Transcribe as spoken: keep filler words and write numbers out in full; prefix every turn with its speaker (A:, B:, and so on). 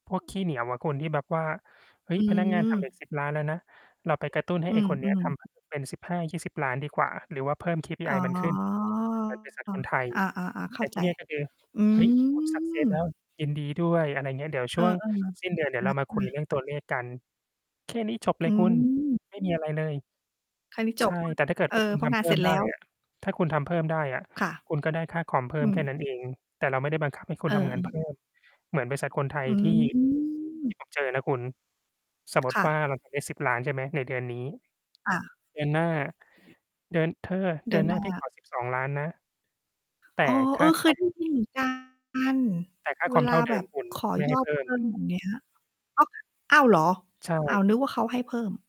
A: พวกขี้เหนียวอะคุณ ที่แบบว่า เฮ้
B: อ
A: ย!
B: ื
A: พนักงานทำเร
B: ม
A: ต สิบ ล้านแล้วนะ เราไปกระตุ้นให้
B: อื
A: ไอ้คนเนี้ยท
B: อ ๆ
A: ำ แบบ เป็น สิบห้ายี่สิบ ล้านดีกว่า หรือว่าเพิ่ม
B: อ
A: KPI
B: ๋อ
A: มันขึ้น เหมือนบริษัทคนไทย
B: อา ๆ ๆ เข
A: แ
B: ้
A: ต
B: า
A: ่ท
B: ใจ
A: ี่เนี่ย ก็คือ
B: อื
A: "เฮ้ย คุณ success แล้ว
B: ม
A: ยินดีด้วย" อะไรเงี้ย เดี๋ยว
B: เ
A: ช
B: ออ
A: ่วงสิ้นเดือน เดี
B: ๆ
A: ๋
B: ช
A: ยวเร
B: ั
A: า
B: ด
A: มาค
B: เล
A: ุย
B: ย
A: เรื่องตัวเลขกัน แค่นี้จบเล
B: อ
A: ยคุณ
B: ืม
A: ไม่มีอะไรเลย
B: แค่นี้ จ
A: ใช
B: บ
A: ่
B: เว้ย
A: แต่ถ้าเกิด
B: เออ
A: ว่าคุณ
B: เพรา
A: ท
B: ะง
A: ำ
B: า
A: เ
B: น
A: พิ
B: เ
A: ่
B: สร็
A: ม
B: จ
A: ไ
B: แ
A: ด
B: ล
A: ้
B: ้ว
A: อะ ถ้าคุณทำเพิ่มได้อะ
B: ค่ะ
A: คุณก็ได้ค่าคอมเพิ่
B: อ
A: ม
B: ื
A: แ
B: ม
A: ค่นั้นเอง แต่เราไม่ได้บังคับให้ค
B: เ
A: ุ
B: อ
A: ณ
B: อ
A: ทำงา
B: อื
A: นเพิ่
B: ม
A: ม เหมือนบริษัทคนไท
B: อ
A: ย
B: ื
A: ที่ ท
B: ม
A: ี่ผม เจอนะคุณ สมมุต
B: ค
A: ิ
B: ่
A: ว่า
B: ะ
A: เราทำได้ สิบ ล้าน ใช่ไหม ในเดือนนี้
B: ค่ะ
A: เดือนหน้า
B: อือฮึ
A: เดือน เธอ
B: เด
A: เ
B: ื
A: ดื
B: อ
A: อ
B: น
A: นหน
B: ห
A: ้
B: น
A: า
B: ้
A: พี่ข
B: า
A: อ สิบสอง ล้านนะ แต่
B: อ๋อ
A: ค
B: เอ
A: ่า
B: อ
A: ค
B: เค
A: อ
B: ยไ
A: ม
B: ด้ยินเหมือนกัน
A: แต่ค่า
B: เว
A: คอม
B: ล
A: เ
B: า
A: ท่าเด
B: แบ
A: ิม
B: บ
A: คุณ
B: ขอ
A: ไม่
B: ย
A: ให้
B: อ
A: เ
B: ด
A: พิ่
B: เพ
A: ม
B: ิ่ม อย่างเงี้ย อ้อ อ้าว เหรอ?
A: ใช
B: อ้า
A: ่
B: ว นึกว่าเขาให้เพิ่ม